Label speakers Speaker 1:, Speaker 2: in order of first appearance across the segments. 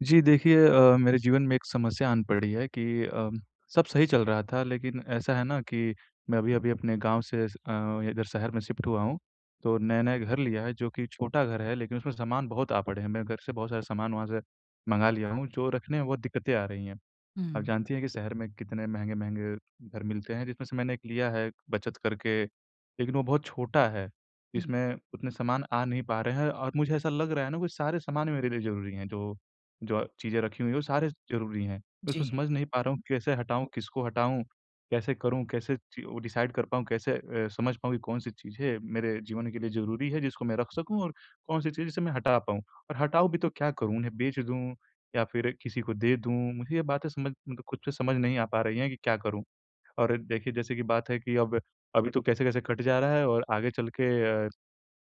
Speaker 1: जी, देखिए अ, मेरे जीवन में एक समस्या आन पड़ी है कि अम, सब सही चल रहा था लेकिन ऐसा है ना कि मैं अभी-अभी अपने गाँव से स अ, इधर शहर में शिफ्ट हुआ हूँ। तो नया-नया घर लिया है जो कि छोटा घर है लेकिन उसमें सामान बहुत आ पड़े हैं। मैं घर से बहुत सारे सामान वहाँ से मँगा लिया हूँ जो रखने में बहुत दिक्कतें आ रही हैं। आप
Speaker 2: हुँ।
Speaker 1: जानती हैं कि शहर में कितने महँगे-महँगे घर मिलते हैं जिसमें से मैंने एक लिया है बचत करके, लेकिन वो बहुत छोटा है।
Speaker 2: हुँ।
Speaker 1: इसमें उतने सामान आ नहीं पा रहे हैं और मुझे ऐसा लग रहा है ना वो सारे सामान मेरे लिए ज़रूरी हैं जो, जो अ, चीज़ें रखी हुई हैं वो सारे ज़रूरी हैं। उसमें
Speaker 2: जी।
Speaker 1: समझ नहीं पा रहा हूँ कैसे हटाऊँ, किसको हटाऊँ, कैसे करूँ, कैसे चीज़ों को डिसाइड कर पाऊँ कैसे अ, समझ पाऊँ कि कौन-सी चीज़ है मेरे जीवन के लिए ज़रूरी है जिसको मैं रख सकूँ और कौन-सी चीज़ जिसे मैं हटा पाऊँ और हटाऊँ भी तो क्या करूँ? उन्हें बेच दूँ, या फिर किसी को दे दूँ, मुझे ये बातें समझ मतलब खुद से समझ नहीं आ पा रही हैं कि क्या करूँ। और देखिए जैसे कि बात है कि अब अभी तो कैसे-कैसे कट जा रहा है और आगे चल के अ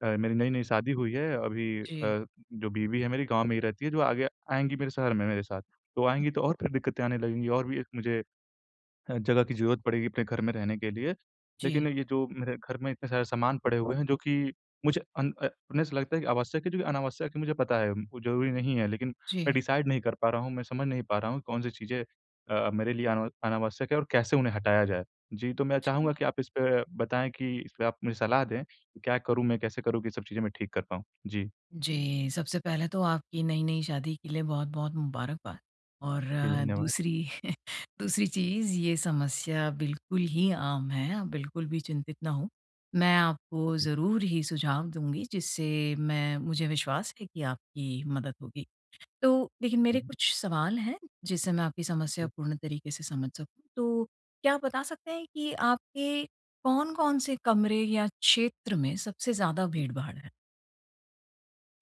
Speaker 1: अ, मेरी नई-नई शादी हुई है। अभी अ,
Speaker 2: जी।
Speaker 1: जो बीवी है मेरी गाँव में ही रहती है जो आगे आएँगी मेरे शहर में मेरे साथ, तो आएँगी तो और फिर दिक्कतें आने लगेंगी और भी मुझे ह जगह की ज़रूरत पड़ेगी अपने घर में रहने के लिए।
Speaker 2: जी।
Speaker 1: लेकिन ये जो मेरे घर में इतने सारे सामान पड़े हुए हैं जो कि मुझे अन अ, हमें ऐसा लगता है कि आवश्यक है जो कि अनावश्यक है मुझे पता है, वो ज़रूरी नहीं है लेकिन मैं
Speaker 2: जी।
Speaker 1: डिसाइड नहीं कर पा रहा हूँ, मैं समझ नहीं पा रहा हूँ कौन-सी चीज़ें अ, मेरे लिए अन अनावश्यक है और कैसे उन्हें हटाया जाए। जी, तो मैं
Speaker 2: जी।
Speaker 1: चाहूँगा कि आप इसपे बताएँ कि इसपे आप मुझे सलाह दें कि क्या करूँ, मैं कैसे करूँ कि सब चीज़ें मैं ठीक कर पाऊँ? जी।
Speaker 2: जी, सबसे पहले तो आपकी नई-नई शादी के लिए बहुत-बहुत मुबारकबाद, और
Speaker 1: जी, धन्यवाद।
Speaker 2: दूसरी, दूसरी चीज़ ये समस्या बिल्कुल ही आम है। आप बिल्कुल भी चिंतित ना हों। मैं आपको
Speaker 1: जी।
Speaker 2: ज़रूर ही सुझाव दूँगी जिससे मैं मुझे विश्वास है कि आपकी मदद होगी। तो देखिए मेरे
Speaker 1: जी।
Speaker 2: कुछ सवाल हैं जिससे मैं आपकी समस्या
Speaker 1: जी।
Speaker 2: पूर्ण तरीके से समझ सकूँ, तो क्या आप बता सकते हैं कि आपके कौन-कौन से कमरे या क्षेत्र में सबसे ज़्यादा भीड़-भाड़ है?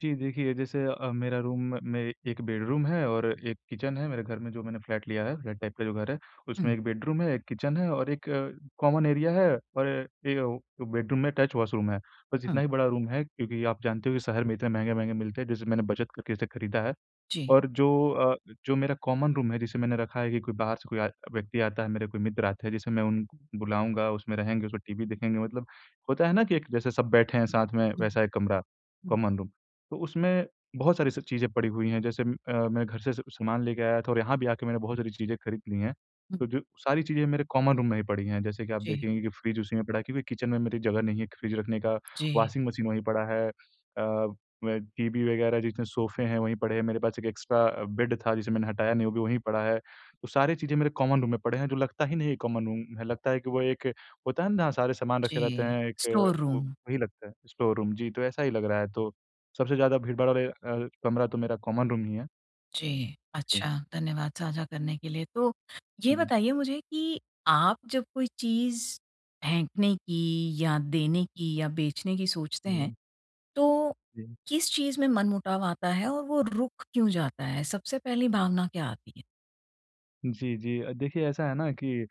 Speaker 1: जी, देखिए जैसे अ, मेरा रूम में एक बेड़रूम है और एक किचन है मेरे घर में जो मैंने फ़्लैट लिया है, फ़्लैट टाइप का जो घर है, उसमें
Speaker 2: हुँ।
Speaker 1: 1 बेडरूम है, 1 किचन है और 1 अ, कॉमन एरिया है और 1 वो जो बेडरूम में टच वॉशरूम है। बस इतना
Speaker 2: हाँ।
Speaker 1: ही बड़ा रूम है क्योंकि आप जानते हो कि शहर में इतने महँगे-महँगे मिलते हैं, जैसे मैंने बचत करके इसे खरीदा है।
Speaker 2: जी।
Speaker 1: और जो अ, जो मेरा कॉमन रूम है, जिसे मैंने रखा है कि कोई बाहर से कोई आए व्यक्ति आता है, मेरे कोई मित्र आते हैं, जिसे मैं उन बुलाऊँगा, उसमें रहेंगे, उसमें टीवी देखेंगे, मतलब होता है ना कि एक जैसे सब बैठे हैं साथ में,
Speaker 2: हुँ,
Speaker 1: वैसा एक कमरा
Speaker 2: हुँ।
Speaker 1: कॉमन रूम तो उसमें बहुत सारी सब चीज़ें पड़ी हुईं हैं, जैसे म अ, मैं घर से स सामान लेके आया था और यहाँ भी आके मैंने बहुत सारी चीज़ें खरीद लीं हैं।
Speaker 2: हुँ।
Speaker 1: तो जो सारी चीज़ें मेरे कॉमन रूम में ही पड़ीं हैं, जैसे कि आप
Speaker 2: जी।
Speaker 1: देखेंगे कि फ़्रिज उसी में पड़ा है क्योंकि किचन में मेरी जगह नहीं है क फ़्रिज रखने का,
Speaker 2: जी।
Speaker 1: वाशिंग मशीन वहीं पड़ा है अ अ, टीवी वगैरह, जितने सोफ़े हैं वहीं पड़े हैं, मेरे पास 1 एक्स्ट्रा अ, बेड़ था जिसे मैंने हटाया नहीं वो भी वहीं पड़ा है। तो सारी चीज़ें मेरे कॉमन रूम में पड़े हैं जो लगता ही नहीं है कॉमन रूम है, लगता है कि वो एक होता है ना जहाँ सारे सामान रखे रहते
Speaker 2: जी,
Speaker 1: हैं एक
Speaker 2: स्टोर
Speaker 1: वो
Speaker 2: रूम।
Speaker 1: वही लगता है, स्टोर रूम जी तो ऐसा ही लग रहा है। तो सबसे ज़्यादा भीड़भाड़ वाले अ, कमरा तो मेरा कॉमन रूम ही है।
Speaker 2: जी,
Speaker 1: हुँ।
Speaker 2: अच्छा, धन्यवाद साझा करने के लिए। तो ये
Speaker 1: जी।
Speaker 2: बताइए मुझे कि आप जब कोई चीज़ फेंकने की या देने की या बेचने की सोचते हैं,
Speaker 1: हुँ।
Speaker 2: तो
Speaker 1: जी।
Speaker 2: किस चीज़ में मनमुटाव आता है और वो रुक क्यों जाता है? सबसे पहली भावना क्या आती है?
Speaker 1: जी, जी अ, देखिए, ऐसा है ना, कि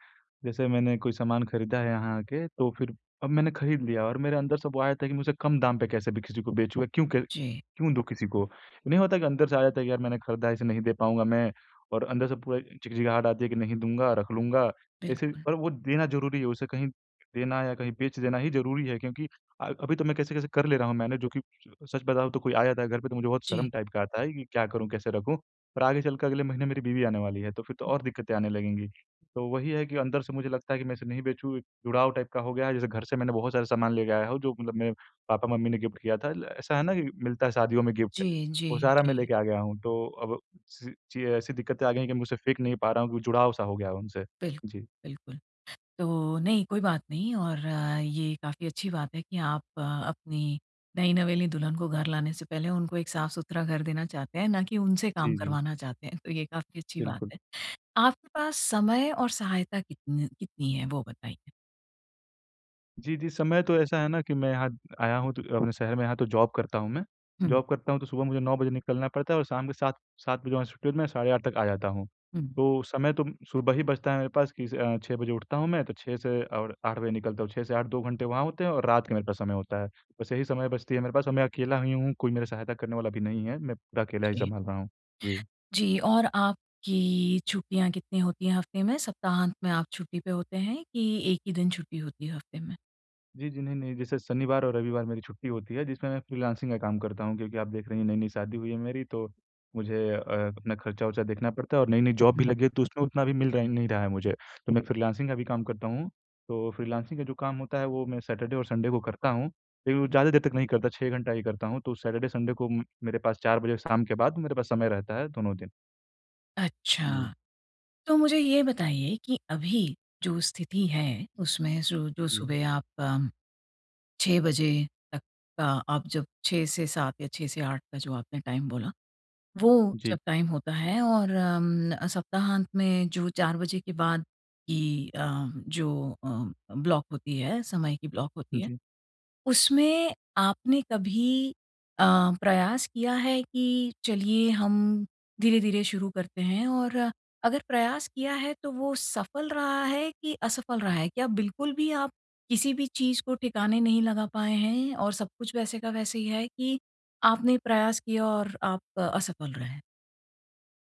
Speaker 1: जैसे मैंने कोई सामान खरीदा है यहाँ आके, तो फिर अब मैंने खरीद लिया और मेरे अंदर से वो आ जाता है कि मैं उसे कम दाम पे कैसे भी किसी को बेंचू या क्यों क
Speaker 2: जी।
Speaker 1: क्यों दूँ किसी को? नहीं होता कि अंदर से आ जाता है कि, "यार, मैंने खरीदा है, इसे नहीं दे पाऊँगा मैं।" और अंदर से पूरा झिगझिगाहट आती है कि, "नहीं दूँगा, रख लूँगा।" ऐसे र
Speaker 2: बिल्कुल।
Speaker 1: पर वो देना ज़रूरी हो, उसे कहीं देना या कहीं बेच देना ही ज़रूरी है, क्योंकि अ, अभी तो मैं कैसे-कैसे कर ले रहा हूँ मैनेज, जो कि सच बताऊँ, तो कोई आ जाता है घर पे, तो मुझे बहुत
Speaker 2: जी।
Speaker 1: शर्म टाइप का आता है कि, "क्या करूँ, कैसे रखूँ?" पर आगे चलकर अगले महीने मेरी बीवी आने वाली है, तो फिर तो और दिक्कतें आने लगेंगी। तो वही है कि अंदर से मुझे लगता है कि मैं इसे नहीं बेचूँ, एक टाइप जुड़ाव का हो गया है, जैसे घर से मैंने बहुत सारा सामान लेके आया हूँ, जो मतलब मेरे पापा-मम्मी ने गिफ़्ट किया था। ल ऐसा है ना कि मिलता है शादियों में गिफ़्ट
Speaker 2: जी,
Speaker 1: वो
Speaker 2: जी,
Speaker 1: सारा मैं
Speaker 2: जी।
Speaker 1: लेके आ गया हूँ। तो अब सी ची अ, ऐसी दिक्कतें आ गई हैं कि मैं उसे फेंक नहीं पा रहा हूँ, जुड़ाव-सा हो गया है उनसे।
Speaker 2: बिल
Speaker 1: जी।
Speaker 2: बिल्कुल। तो, नहीं, कोई बात नहीं और ये काफ़ी अच्छी बात है कि आप अपनी नई-नवेली दुल्हन को घर लाने से पहले उनको एक साफ-सुथरा घर देना चाहते हैं, ना कि उनसे काम
Speaker 1: जी, जी।
Speaker 2: करवाना चाहते हैं, तो ये काफ़ी अच्छी बात
Speaker 1: बिल्कुल।
Speaker 2: है। आपके पास समय और सहायता कितन कितनी है वो बताइए?
Speaker 1: जी, जी। समय तो ऐसा है ना कि मैं यहाँ आया हूँ तो अपने शहर में यहाँ तो जॉब करता हूँ मैं।
Speaker 2: हुँ।
Speaker 1: जॉब करता हूँ तो सुबह मुझे 9 बजे निकलना पड़ता है और शाम के सात सात बजे वहाँ से छुट्टी होती मैं साढ़े 8 तक आ जाता हूँ।
Speaker 2: हुँ।
Speaker 1: तो समय तो सुबह ही बचता है मेरे पास कि स अ, 6 बजे उठता हूँ मैं तो 6 से और 8 बजे निकलता हूँ, 6 से 8 2 घंटे वहाँ होते हैं और रात के मेरे पास समय होता है। बस यही समय बचती है मेरे पास और मैं अकेला ही हूँ कोई मेरा सहायता करने वाला भी नहीं है, मैं पूरा अकेला ही
Speaker 2: जी।
Speaker 1: सँभाल रहा हूँ। जी।
Speaker 2: जी, और आपकी छुट्टियाँ कितनी होती है हफ्ते में? सप्ताहांत में आप छुट्टी पे होते हैं कि 1 ही दिन छुट्टी होती है हफ्ते में?
Speaker 1: जी, जी। नहीं, नहीं जैसे शनिवार और रविवार मेरी छुट्टी होती है जिसमें मैं फ्रीलांसिंग का काम करता हूँ क्योंकि आप देख रही हैं नई-नई शादी हुई है मेरी तो मुझे अ, अपना खर्चा-वर्चा देखना पड़ता है और नई-नई जॉब भी
Speaker 2: हुँ।
Speaker 1: लगी है तो उसमें उतना भी मिल र नहीं रहा है मुझे, तो मैं फ्रीलांसिंग का भी काम करता हूँ, तो फ्रीलांसिंग का जो काम होता है वो मैं सैटरडे और संडे को करता हूँ। लेकिन वो ज़्यादा देर तक नहीं करता 6 घंटा ही करता हूँ तो सैटरडे संडे को उम, मेरे पास 4 बजे शाम के बाद मेरे पास समय रहता है दोनों दिन। हुँ।
Speaker 2: अच्छा। तो मुझे ये बताइए कि अभी जो स्थिति है उसमें सु जो
Speaker 1: हुँ।
Speaker 2: सुबह आप अम, 6 बजे तक का आप जब 6 से 7 या 6 से 8 का जो आपने टाइम बोला, वो
Speaker 1: जी।
Speaker 2: जब टाइम होता है और अम, सप्ताहांत में जो 4 बजे के बाद की अम, जो अ, ब्लॉक होती है, समय की ब्लॉक होती है,
Speaker 1: जी।
Speaker 2: उसमें आपने कभी अ, प्रयास किया है कि चलिए हम धीरे-धीरे शुरू करते हैं? और अगर प्रयास किया है तो वो सफल रहा है कि असफल रहा है? क्या बिल्कुल भी आप किसी भी चीज़ को ठिकाने नहीं लगा पाए हैं और सब कुछ वैसे का वैसे ही है कि आपने प्रयास किया और आप असफल रहे?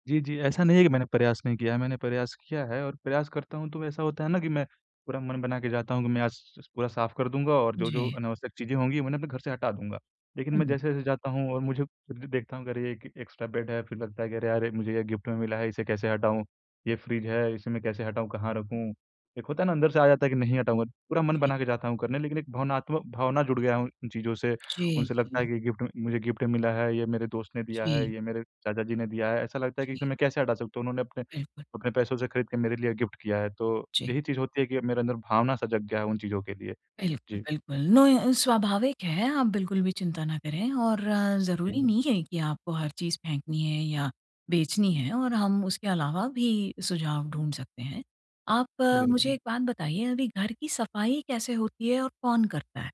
Speaker 1: जी, जी। ऐसा नहीं है कि मैंने प्रयास नहीं किया है, मैंने प्रयास किया है और प्रयास करता हूँ तो ऐसा होता है ना कि मैं पूरा मन बना के जाता हूँ कि मैं आज स पूरा साफ कर दूँगा और जो-जो
Speaker 2: जी।
Speaker 1: अनावश्यक चीज़ें होंगी, उन्हें अपने घर से हटा दूँगा। लेकिन मैं
Speaker 2: हुँ।
Speaker 1: जैसे-जैसे जाता हूँ और मुझे खुद भी देखता हूँ कि अरे! एक एक्स्ट्रा बेड है फिर लगता है कि अरे यार मुझे ये गिफ्ट में मिला है इसे कैसे हटाऊँ, ये फ्रिज है इसे मैं कैसे हटाऊँ? कहाँ रखूँ? एक होता है ना अंदर से आ जाता है कि नहीं हटाऊँगा, पूरा मन
Speaker 2: जी।
Speaker 1: बना के जाता हूँ करने, लेकिन एक भावनात्म भावना जुड़ गया हूँ उन चीज़ों से,
Speaker 2: जी,
Speaker 1: उनसे लगता है
Speaker 2: जी।
Speaker 1: कि ये गिफ्ट म मुझे गिफ्ट में मिला है, ये मेरे दोस्त ने दिया है,
Speaker 2: जी।
Speaker 1: ये मेरे चाचा जी ने दिया है, ऐसा लगता है कि इसे
Speaker 2: जी।
Speaker 1: मैं कैसे हटा सकता हूँ उन्होंने अपने
Speaker 2: बिल्कुल।
Speaker 1: अपने पैसों से खरीद के मेरे लिए गिफ्ट किया है। तो
Speaker 2: जी।
Speaker 1: यही चीज़ होती है कि मेरे अंदर भावना सा जग गया है उन चीज़ों के लिए।
Speaker 2: बिल्कुल,
Speaker 1: जी।
Speaker 2: बिल्कुल, ना अ, स्वाभाविक है। आप बिल्कुल भी चिंता ना करें और ज़रूरी
Speaker 1: जी।
Speaker 2: नहीं है कि आपको हर चीज़ फेंकनी है या बेचनी है और हम उसके अलावा भी सुझाव ढूँढ सकते हैं। आप मुझे
Speaker 1: बिल्कुल।
Speaker 2: एक बात बताइए अभी घर की सफाई कैसे होती है और कौन करता है?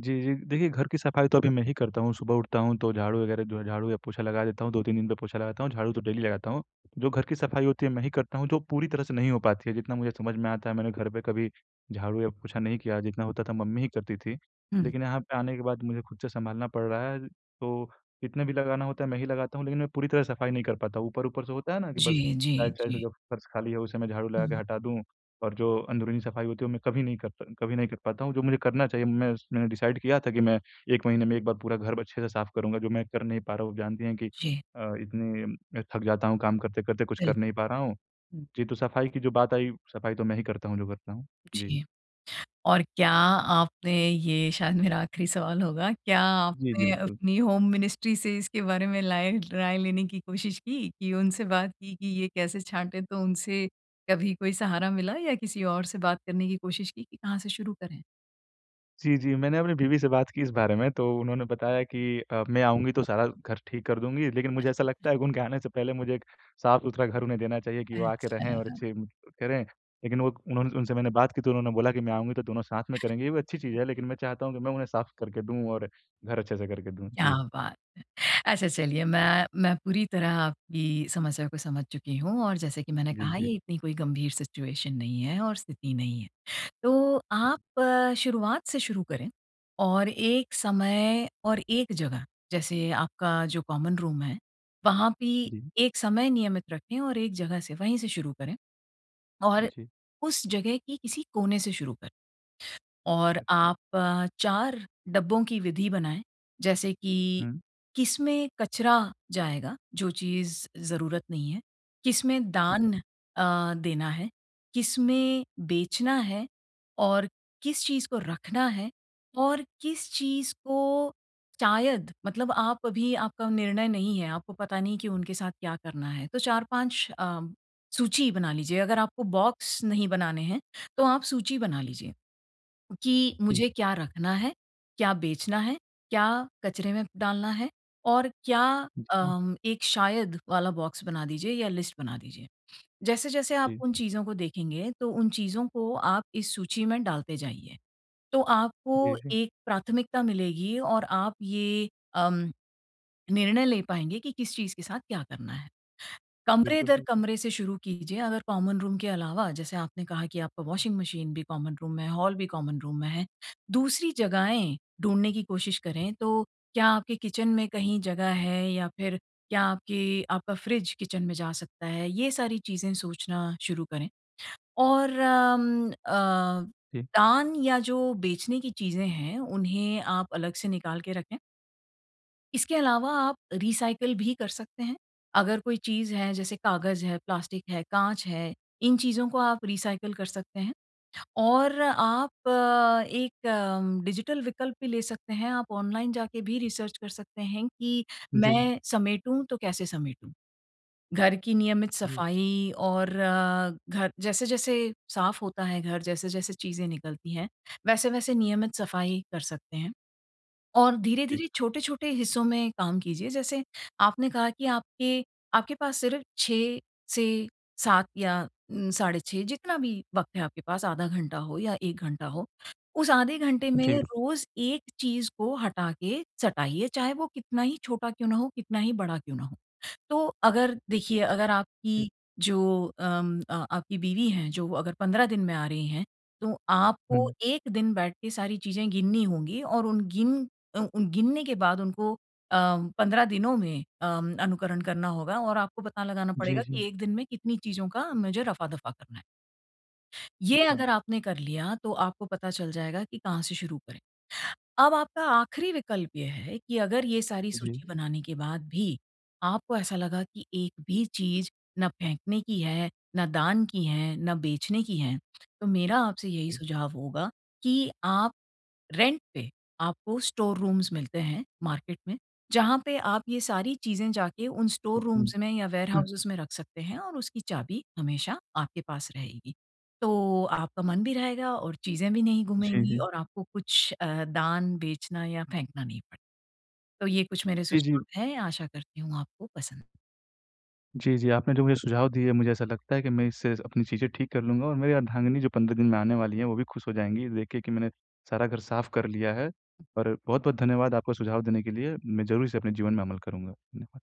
Speaker 1: जी, जी। देखिए घर की सफाई तो अभी मैं ही करता हूँ, सुबह उठता हूँ तो झाड़ू वगैरह जो है, झाड़ू या पोछा लगा देता हूँ 2-3 दिन पे पोछा लगाता हूँ, झाड़ू तो डेली लगाता हूँ। जो घर की सफाई होती है मैं ही करता हूँ, जो पूरी तरह से नहीं हो पाती है, जितना मुझे समझ में आता है मैंने घर पे कभी झाड़ू या पोछा नहीं किया, जितना होता था मम्मी ही करती थी।
Speaker 2: हुँ।
Speaker 1: लेकिन यहाँ पे आने के बाद मुझे खुद से सँभालना पड़ रहा है। तो कितने भी लगाना होता है मैं ही लगाता हूँ लेकिन मैं पूरी तरह सफाई नहीं कर पाता ऊपर-ऊपर से होता है ना? कि बस
Speaker 2: जी, जी,
Speaker 1: साइड साइड से
Speaker 2: जी।
Speaker 1: जो फ़र्श खाली है उसे मैं झाड़ू लगा के
Speaker 2: हुँ।
Speaker 1: हटा दूँ और जो अंदरूनी सफाई होती है वो मैं कभी नहीं करता कभी नहीं कर पाता हूँ जो मुझे करना चाहिए। मैं स मैंने डिसाइड किया था कि मैं 1 महीने में 1 बार पूरा घर ब अच्छे से साफ करूँगा जो मैं कर नहीं पा रहा हूँ आप जानती हैं कि
Speaker 2: जी।
Speaker 1: अ, इतनी अ, थक जाता हूँ काम करते-करते कुछ
Speaker 2: बिल
Speaker 1: कर नहीं पा रहा हूँ।
Speaker 2: हुँ।
Speaker 1: जी, तो सफाई की जो बात आई, सफाई तो मैं ही करता हूँ जो करता हूँ। जी।
Speaker 2: जी। और क्या आपने ये शायद मेरा आखिरी सवाल होगा, क्या
Speaker 1: जी, जी।
Speaker 2: आपने
Speaker 1: बिल्
Speaker 2: अपनी होम मिनिस्ट्री से इसके बारे में लाए राय लेने की कोशिश की उनसे बात की कि ये कैसे छाँटे? तो उनसे कभी कोई सहारा मिला या किसी और से बात करने की कोशिश की कि कहाँ से शुरू करें?
Speaker 1: जी, जी। मैंने अपनी बीवी से बात की इस बारे में, तो उन्होंने बताया कि अ, मैं आऊँगी तो सारा घर ठीक कर दूँगी लेकिन मुझे ऐसा लगता है
Speaker 2: [unintelligible]
Speaker 1: उनके आने से पहले मुझे एक साफ़-सुथरा घर उन्हें देना चाहिए, कि वो आके रहें और
Speaker 2: अच्छा।
Speaker 1: अच्छे करें लेकिन वो उन उनसे मैंने बात की तो उन्होंने बोला कि मैं आऊँगी तो दोनों साथ में करेंगे। ये भी अच्छी चीज़ है, लेकिन मैं चाहता हूँ कि मैं उन्हें साफ़ करके दूँ और घर अच्छे से करके दूँ।
Speaker 2: क्या
Speaker 1: जी।
Speaker 2: बात है। अच्छा चलिए मैं, मैं पूरी तरह आपकी समस्या को समझ चुकी हूँ और जैसे कि मैंने
Speaker 1: जी,
Speaker 2: कहा
Speaker 1: जी।
Speaker 2: ये इतनी कोई गंभीर सिचुएशन नहीं है और स्थिति नहीं है। तो आप शुरुआत से शुरू करें और एक समय और एक जगह जैसे आपका जो कॉमन रूम है, वहाँ भी
Speaker 1: जी।
Speaker 2: एक समय नियमित रखें और एक जगह से वहीं से शुरू करें। और
Speaker 1: जी।
Speaker 2: उस जगह की किसी कोने से शुरू कर। और
Speaker 1: अच्छा।
Speaker 2: आप अ, 4 डब्बों की विधि बनाएँ। जैसे कि
Speaker 1: हुँ।
Speaker 2: किसमें कचरा जाएगा जो चीज़ ज़रूरत नहीं है, किसमें
Speaker 1: हुँ,
Speaker 2: दान
Speaker 1: हुँ।
Speaker 2: अ, देना है, किसमें बेचना है और किस चीज़ को रखना है और किस चीज़ को शायद मतलब आप अभी आपका निर्णय नहीं है, आपको पता नहीं कि उनके साथ क्या करना है। तो 4-5 अ, सूची बना लीजिए। अगर आपको बॉक्स नहीं बनाने हैं, तो आप सूची बना लीजिए कि
Speaker 1: जी।
Speaker 2: मुझे क्या रखना है, क्या बेचना है, क्या कचरे में डालना है और क्या
Speaker 1: जी।
Speaker 2: अ, एक शायद वाला बॉक्स बना दीजिए या लिस्ट बना दीजिए। जैसे-जैसे आप उन
Speaker 1: जी।
Speaker 2: चीज़ों को देखेंगे, तो उन चीज़ों को आप इस सूची में डालते जाइए। तो
Speaker 1: जी,
Speaker 2: आपको
Speaker 1: जी।
Speaker 2: एक प्राथमिकता मिलेगी और आप ये अम निर्णय ले पाएँगे कि किस चीज़ के साथ क्या करना है। कमरे
Speaker 1: बिल्कुल,
Speaker 2: दर
Speaker 1: बिल्कुल।
Speaker 2: कमरे से शुरू कीजिए अगर कॉमन रूम के अलावा जैसे आपने कहा कि आपका वाशिंग मशीन भी कॉमन रूम में है, हॉल भी कॉमन रूम में है। दूसरी जगहें ढूंढने की कोशिश करें तो क्या आपके किचन में कहीं जगह है या फ़िर क्या आपके आपका फ्रिज किचन में जा सकता है? ये सारी चीज़ें सोचना शुरू करें। और अम अ,
Speaker 1: जी।
Speaker 2: दान या जो बेचने की चीज़ें हैं उन्हें आप अलग से निकाल के रखें। इसके अलावा आप रीसायकल भी कर सकते हैं। अगर कोई चीज़ है जैसे कागज़ है, प्लास्टिक है, काँच है, इन चीजों को आप रीसायकल कर सकते हैं। और आप एक डिजिटल विकल्प भी ले सकते हैं, आप ऑनलाइन जाके भी रिसर्च कर सकते हैं कि
Speaker 1: जी।
Speaker 2: मैं समेटूँ तो कैसे समेटूँ? घर की नियमित
Speaker 1: हुँ।
Speaker 2: सफाई और घर जैसे-जैसे साफ होता है घर जैसे-जैसे चीज़ें निकलती हैं, वैसे-वैसे नियमित सफाई कर सकते हैं। और
Speaker 1: जी।
Speaker 2: धीरे-धीरे, छोटे-छोटे हिस्सों में काम कीजिए जैसे आपने कहा कि आपके, आपके पास सिर्फ 6 से 7 या उम, साढ़े 6 जितना भी वक्त है आपके पास, आधा घंटा हो या 1 घंटा हो। उस आधे घंटे में
Speaker 1: जी, ल
Speaker 2: रोज़ एक चीज़ को हटा के सटाइए चाहे वो कितना ही छोटा क्यों ना हो, कितना ही बड़ा क्यों ना हो। तो अगर देखिए, अगर
Speaker 1: जी।
Speaker 2: आपकी जो अम अ, आपकी बीवी हैं जो अगर 15 दिन में आ रही हैं, तो आपको
Speaker 1: हुँ।
Speaker 2: एक दिन बैठ के सारी चीज़ें गिननी होंगी और उन गिन अ, उन गिनने के बाद उनको अम, 15 दिनों में अम, अनुकरण करना होगा और आपको पता लगाना
Speaker 1: जी,
Speaker 2: पड़ेगा
Speaker 1: जी।
Speaker 2: कि एक दिन में कितनी चीज़ों का मुझे रफा-दफा करना है। ये
Speaker 1: अच्छा।
Speaker 2: अगर आपने कर लिया तो आपको पता चल जाएगा कि कहाँ से शुरू करें। अब आपका आखिरी विकल्प ये है कि अगर ये सारी
Speaker 1: जी।
Speaker 2: सूची बनाने के बाद भी, आपको ऐसा लगा कि एक भी चीज़ ना फेंकने की है, ना दान की है, ना बेचने की है। तो मेरा आपसे यही
Speaker 1: जी।
Speaker 2: सुझाव होगा कि आप रेंट पे आपको स्टोर रूम्स मिलते हैं मार्केट में, जहाँ पे आप ये सारी चीज़ें जाके उन
Speaker 1: हुँ,
Speaker 2: स्टोर
Speaker 1: हुँ,
Speaker 2: रूम्स में या
Speaker 1: जी।
Speaker 2: वेयरहाउसेज़ में रख सकते हैं और उसकी चाबी हमेशा आपके पास रहेगी। तो आपका मन भी रहेगा और चीज़ें भी नहीं
Speaker 1: जी,
Speaker 2: गूमेंगी
Speaker 1: जी।
Speaker 2: और आपको कुछ अ, दान, बेचना या फेंकना नहीं पड़े। तो ये कुछ मेरे
Speaker 1: जी, जी।
Speaker 2: सुझाव है, आशा करती हूँ आपको पसंद
Speaker 1: जी, जी आपने जो मुझे सुझाव दिए मुझे ऐसा लगता है कि मैं इससे अपनी चीज़ें ठीक कर लूँगा और मेरी अर्धांगनी जो 15 दिन में आने वाली हैं, वो भी खुश हो जाएँगी ये देख के कि मैंने, सारा घर साफ कर लिया है। और बहुत-बहुत धन्यवाद आपको सुझाव देने के लिए, मैं ज़रूर इसे अपने जीवन में अमल करूँगा। धन्यवाद।